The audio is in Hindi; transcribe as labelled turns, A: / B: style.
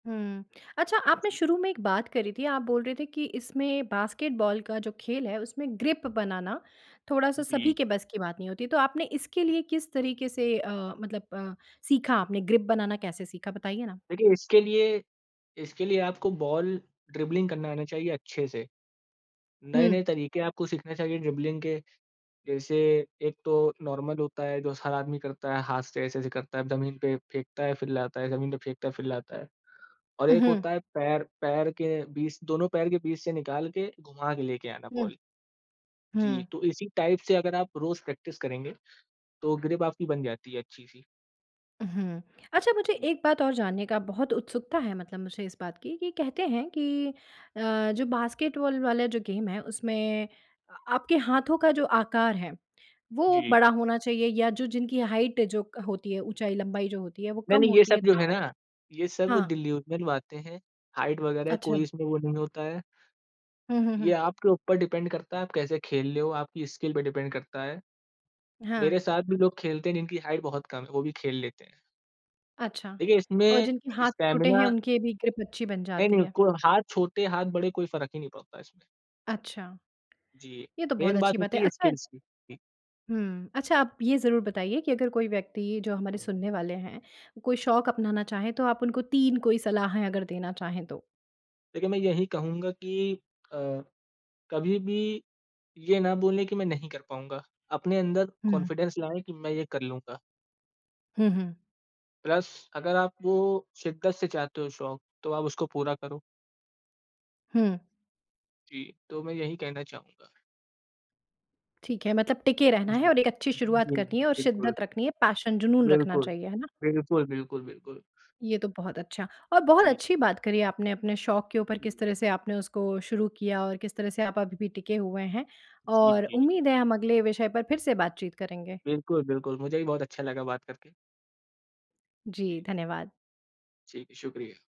A: हुँ। अच्छा आपने शुरू में एक बात करी थी आप बोल रहे थे कि इसमें बास्केटबॉल का जो खेल है उसमें ग्रिप बनाना थोड़ा-सा सभी
B: जी।
A: के बस की बात नहीं होती, तो आपने इसके लिए किस तरीके से अ, मतलब अ, सीखा आपने ग्रिप बनाना कैसे सीखा? बताइए ना।
B: देखिए इसके लिए इसके लिए आपको बॉल ड्रिबलिंग करना आना चाहिए अच्छे से।
A: हुँ।
B: नए-नए तरीके आपको सीखना चाहिए ड्रिबलिंग के, जैसे एक तो नॉर्मल होता है जो हर आदमी करता है हाथ से ऐसे-ऐसे करता है जमीन पे फेंकता है फिर लाता है जमीन पे फेंकता है, फिर लाता है। और
A: उ,
B: एक
A: हुँ।
B: होता है पैर पैर के बीच दोनों पैर के बीच से निकाल के घुमा के लेके आना
A: हुँ।
B: बॉल। जी,
A: हुँ।
B: तो इसी टाइप से अगर आप रोज़ प्रैक्टिस करेंगे, तो ग्रिप आपकी बन जाती है अच्छी-सी।
A: उहुँ। अच्छा मुझे 1 बात और जानने का बहुत उत्सुकता है मतलब मुझे इस बात की कि कहते हैं कि अ, जो बास्केटबॉल वाला जो गेम है, उसमें आ आपके हाथों का जो आकार है, वो
B: जी।
A: बड़ा होना चाहिए या जो जिनकी हाइट जो क होती है ऊँचाई-लंबाई जो होती है वो कम
B: नहीं-नहीं, ये
A: होती
B: सब
A: है।
B: जो है ना, ये सब
A: हाँ।
B: डिल्यूजनल बातें है, हाइट वगैरह
A: अच्छा।
B: कोई इसमें वो नहीं होता है।
A: हुँ, हुँ,
B: ये
A: हुँ।
B: आपके ऊपर डिपेंड करता है आप कैसे खेल ले हो, आपकी स्किल पे डिपेंड करता है।
A: हाँ।
B: मेरे साथ भी लोग खेलते हैं जिनकी हाइट बहुत कम है, वो भी खेल लेते हैं।
A: अच्छा,
B: देखिए
A: और
B: इसमें
A: जिनके हाथ छोटे हैं
B: स्टैमिना
A: उनके भी ग्रिप अच्छी बन जाती
B: नहीं-नहीं,
A: है।
B: को हाथ छोटे हाथ बड़े कोई फ़र्क ही नहीं पड़ता इसमें।
A: अच्छा,
B: जी,
A: ये तो बहुत
B: मेन
A: अच्छी
B: बात
A: बात है
B: होती है
A: अच्छा
B: स्किल्स की। जी।
A: हुँ। अच्छा आप ये ज़रूर बताइए कि अगर कोई व्यक्ति जो हमारे सुनने वाले हैं, कोई शौक अपनाना चाहे तो आप उनको 3 कोई सलाहें अगर देना चाहे तो?
B: देखिए मैं यही कहूँगा कि अ, कभी भी ये ना बोले कि मैं नहीं कर पाऊँगा। अपने अंदर
A: हुँ।
B: कॉन्फिडेंस लाएँ, कि मैं ये कर लूँगा।
A: हुँ, हुँ।
B: प्लस अगर आप वो शिद्दत से चाहते हो शौक, तो आप उसको पूरा करो।
A: हुँ।
B: जी, तो मैं यही कहना चाहूँगा।
A: ठीक है, मतलब टिके रहना है
B: जी।
A: और एक अच्छी शुरुआत
B: जी,
A: करनी है और
B: बिल्कुल।
A: शिद्दत रखनी है, पैशन जुनून रखना
B: बिल्कुल।
A: चाहिए। है ना?
B: बिल्कुल, बिल्कुल, बिल्कुल।
A: ये तो बहुत अच्छा, और बहुत
B: जी।
A: अच्छी बात करी आपने अपने शौक के ऊपर किस
B: हुँ।
A: तरह से आपने उसको शुरू किया और किस तरह से आप अभी भी टिके हुए हैं
B: जी,
A: और
B: जी।
A: उम्मीद है हम अगले विषय पर फिर से बातचीत करेंगे।
B: बिल्कुल, बिल्कुल, मुझे भी बहुत अच्छा लगा बात करके।
A: जी,
B: जी।
A: धन्यवाद।
B: ठीक, शुक्रिया।